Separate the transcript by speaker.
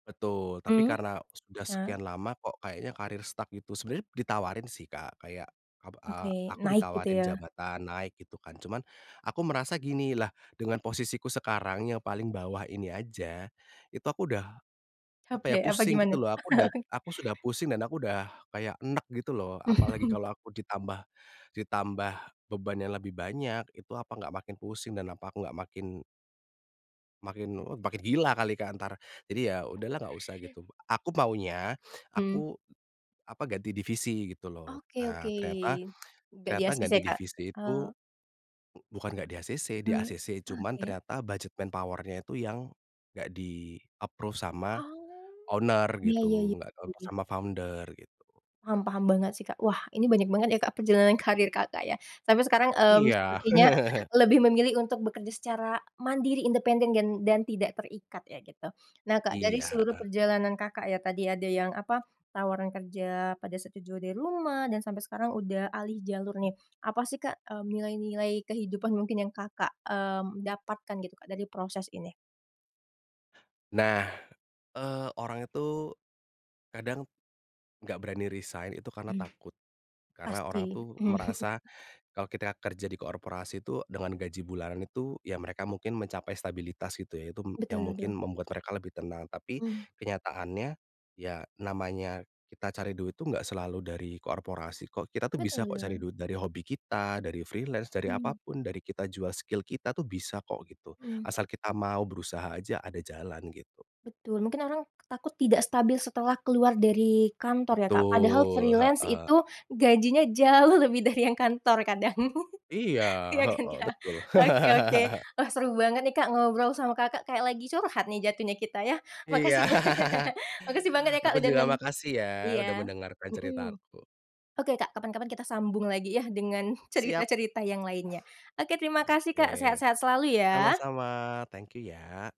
Speaker 1: Betul, tapi
Speaker 2: Mmm,
Speaker 1: karena sudah
Speaker 2: iya.
Speaker 1: sekian lama kok kayaknya karier stuck gitu. Sebenarnya ditawarin sih, Kak, kayak ab
Speaker 2: Oke,
Speaker 1: a aku
Speaker 2: naik gitu
Speaker 1: ditawarin
Speaker 2: ya?
Speaker 1: jabatan naik gitu kan, cuman aku merasa gini, lah dengan posisiku sekarang yang paling bawah ini aja itu aku udah, apa ya,
Speaker 2: Capek? Apa
Speaker 1: pusing
Speaker 2: gimana?
Speaker 1: gitu loh. Aku udah aku sudah pusing dan aku udah kayak eneg gitu loh. Apalagi kalau aku ditambah ditambah beban yang lebih banyak, itu apa enggak makin pusing dan apa aku enggak makin makin eee, makin gila kali, Kak, entar. Jadi ya, udahlah enggak usah gitu. Aku maunya
Speaker 2: Mhm.
Speaker 1: aku, apa, ganti divisi gitu loh.
Speaker 2: Oke
Speaker 1: Eee,
Speaker 2: oke,
Speaker 1: ternyata
Speaker 2: nggak
Speaker 1: ternyata
Speaker 2: di-acc,
Speaker 1: ganti
Speaker 2: Kak?
Speaker 1: divisi itu
Speaker 2: Oh.
Speaker 1: u bukan nggak di-acc,
Speaker 2: Ee
Speaker 1: di-acc. Cuman
Speaker 2: oke.
Speaker 1: ternyata budget manpower-nya itu yang nggak di-approved sama
Speaker 2: Oh.
Speaker 1: owner
Speaker 2: Iya
Speaker 1: gitu,
Speaker 2: iya-iya,
Speaker 1: nggak dilepas
Speaker 2: iya.
Speaker 1: sama founder gitu.
Speaker 2: Paham paham banget sih, Kak. Wah ini banyak banget ya, Kak, perjalanan karier Kakak ya. Sampai sekarang, eee,
Speaker 1: Iya.
Speaker 2: sepertinya lebih memilih untuk bekerja secara mandiri, independen dan dan tidak terikat ya gitu. Nah, Kak, dari
Speaker 1: Iya,
Speaker 2: seluruh
Speaker 1: heeh.
Speaker 2: perjalanan Kakak ya tadi, ada yang apa, tawaran kerja pada saat ja jauh dari rumah, dan sampai sekarang udah alih jalur nih. Apa sih, Kak, eee, nilai-nilai kehidupan mungkin yang Kakak, eee, dapatkan gitu, Kak, dari proses ini?
Speaker 1: Nah. Eee, orang itu kadang nggak berani resign itu karena
Speaker 2: Mhm.
Speaker 1: takut. Karena orang
Speaker 2: Pasti,
Speaker 1: tuh
Speaker 2: mhm.
Speaker 1: merasa kalau kita kerja di korporasi itu dengan gaji bulanan itu ya mereka mungkin mencapai stabilitas gitu ya. Itu m yang
Speaker 2: Betul
Speaker 1: mungkin
Speaker 2: betul.
Speaker 1: membuat mereka lebih tenang. Tapi
Speaker 2: Mhm.
Speaker 1: kenyataannya, ya namanya kita cari duit itu nggak selalu dari korporasi kok. Kita tuh bisa
Speaker 2: Betul
Speaker 1: kok cari
Speaker 2: betul.
Speaker 1: duit dari hobi kita, dari freelance, dari apa
Speaker 2: Mhm.
Speaker 1: pun, dari kita jual skill kita tuh bisa kok gitu,
Speaker 2: Mhm.
Speaker 1: asal kita mau berusaha aja ada jalan gitu.
Speaker 2: Betul, mungkin orang takut tidak stabil setelah keluar dari kantor ya, Kak? Padahal
Speaker 1: Betul,
Speaker 2: freelance
Speaker 1: heeh.
Speaker 2: itu gajinya jauh lebih dari yang kantor kadang.
Speaker 1: Iya,
Speaker 2: Iya kan,
Speaker 1: heeh,
Speaker 2: Kak?
Speaker 1: betul.
Speaker 2: Oke oke. Wah seru banget nih, Kak, ngobrol sama Kakak, kayak lagi curhat nih jatuhnya kita ya.
Speaker 1: Iya,
Speaker 2: Makasih banyak. Makasih banget ya, Kak,
Speaker 1: aku
Speaker 2: udah
Speaker 1: juga
Speaker 2: nem
Speaker 1: makasih ya, udah
Speaker 2: iya.
Speaker 1: mendengarkan
Speaker 2: Mhm.
Speaker 1: ceritaku.
Speaker 2: Oke, Kak, kapan-kapan kita sambung lagi ya dengan
Speaker 1: Siap.
Speaker 2: cerita-cerita yang lainnya. Oke terima kasih, Kak,
Speaker 1: Oke.
Speaker 2: sehat-sehat selalu ya.
Speaker 1: Sama-sama, thank you ya.